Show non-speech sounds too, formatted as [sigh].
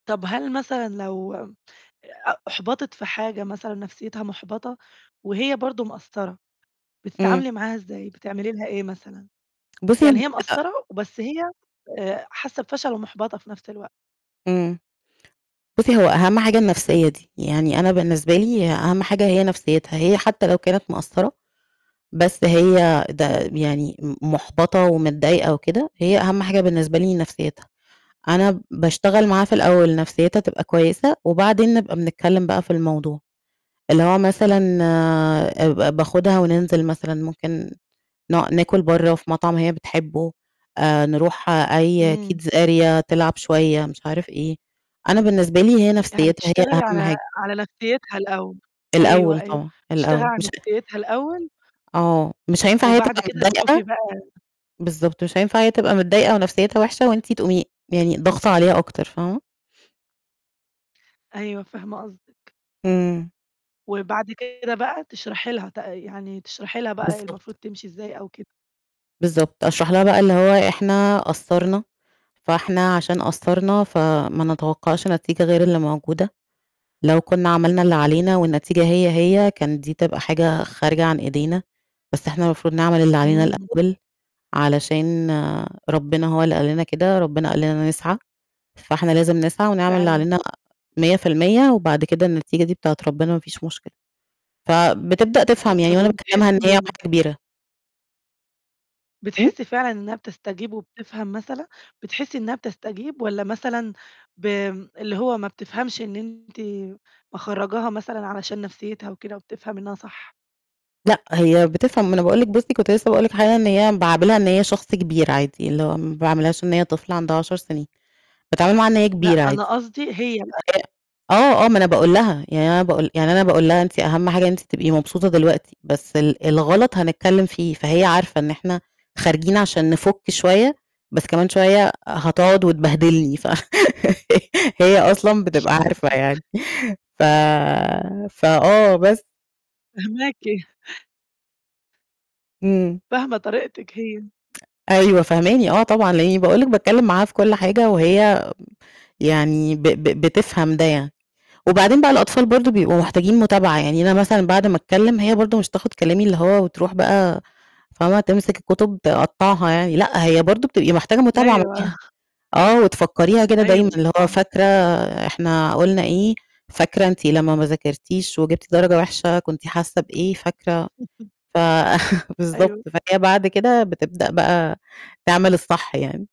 طَب هل مثلًا لو م أ أُحبَطت في حاجة مثلًا نَفْسيتها مُحبَطة وهي برضه مقصّرة، إمم. بتتعاملي معاها إزاي، بتعملي لها إيه مثلًا، بُصّي يعني هي [unintelligible] مقصّرة وبس هي آآ، حاسّة بفَشل ومُحبَطة في نُفْس الوقت؟ إمم. بُصّي هو أهَم حاجة النَفْسية دي، يعني أنا بالنسبة لي ه أهَم حاجة هي نَفْسيتها هي حتى لو كانت مقصّرة بس هي ده م يعني م مُحبَطة ومتضايقة وكده، هي أهَم حاجة بالنسبة لي نَفْسيتها. أنا باشتغل معاها في الأول نَفْسيتها تبقى كويسة وبعدين نبقى بنتكلّم بقى في الموضوع، اللي هو مثلًا آآ ب ب باخُدها وننزِل مثلًا ممكن ن ناكُل برّه في مطعم هي بتحبه، آآ نروح أي إمم. kids area تلعب شوية مش عارف إيه، أنا بالنسبة لي هي يعني نَفْسيتها هي بتشتغلي على أهَم حاجة. على نَفْسيتها الأول. أيوه، الأول أيوه. طبعًا، بتشتغلي الأول على مش نَفْسيتها الأول آه. مش هينفَع هي وبعد تبقى كده تشوفي متضايقة بقى بالضبط، مش هينفَع هي تبقى متضايقة ونَفْسيتها وِحشة وأنتِ تقومي يعني ضاغطة عليها أكتر، فاهمة؟ أيوه، فاهمة قصدِك. إمم. وبعد كده بقى تشرحي لها تق يعني تشرحي لها بقى المفروض بالضبط. تمشي إزاي أو كده. بالضبط. أشرح لها بقى اللي هو إحنا قصّرنا، فإحنا عشان قصّرنا فما نتوقّعش نتيجة غير اللي موجودة. لو كنّا عملنا اللي علينا والنتيجة هي، هي كانت دي تبقى حاجة خارجة عن إيدينا، بس إحنا المفروض نعمل اللي علينا إمم. الأول علشان ربنا هو اللي قال لنا كده، ربنا قال لنا نسعى، فإحنا لازم نسعى ونعمل اللي فعلًا. علينا 100% وبعد كده النتيجة دي بتاعة ربنا ما فيش مشكلة. فبتبدأ تفهم أد طَب يعني وأنا باكلمها إن هي وبتحسّي واحدة كبيرة. إمم. بتحسّي فعلًا إنّها بتستجيب وبتفهم مثلًا، بتحسّي إنّها بتستجيب، والّا مثلًا بم اللي هو ما بتفهمش إن أنتِ مخرّجاها مثلًا علشان نَفْسيتها وكده وبتفهم إنّها صح؟ لأ، هي بتفهم. ما أنا باقول لِك بُصّي كنت لسه باقول لِك حاجة إن هي باعاملها إن هي شخص كبير عادي، اللي هو ما باعاملهاش إن هي طفلة عندها 10 سِنين، باتعامل معاها إن هي لأ، كبيرة أنا عادي. قصدي، هي بقى. [unintelligible] آه، آه، ما أنا باقول لها، يعني أنا باقول يعني أنا باقول لها "أنتِ أهَم حاجة إن أنتِ تبقي مبسوطة دلوقتي بس ال الغَلط هنتكلّم فيه،" فهي عارفة إن إحنا خارجين عشان نِفُك شوية، بس كمان شوية هتقعُد وتبهدلني ف [laughs] هي أصلًا بتبقى عارفة يعني. [chuckles] ف فآه بس. فاهماكِ. إمم. فاهمة طريقتِك هي أيوه، فاهماني. آه، طبعًا، لإنّي باقول لِك باتكلّم معاها في كل حاجة وهي يعني ب ب بتفهم ده يعني. وبعدين بقى الأطفال برضه بيبقوا محتاجين مُتابعة، يعني أنا مثلًا بعد ما أتكلّم هي برضه مش هتاخُد كلامي اللي هو وتروح بقى فاهمة، تمسِك الكُتب تقطعها يعني، لأ، هي برضه بتبقي محتاجة مُتابعة أيوه. معاها آه، وتفكّريها كده دايمًا أيوه، اللي هو طبعًا. فاكرة إحنا قُلنا إيه، فاكرة أنتِ لمّا ما ذاكرتيش وجِبتِ درجة وحشة كنتِ حاسّة بإيه، فاكرة [chuckles] ف [chuckles] بالضبط، أيوه. فهي بعد كده بتبدأ بقى تعمل الصح يعني.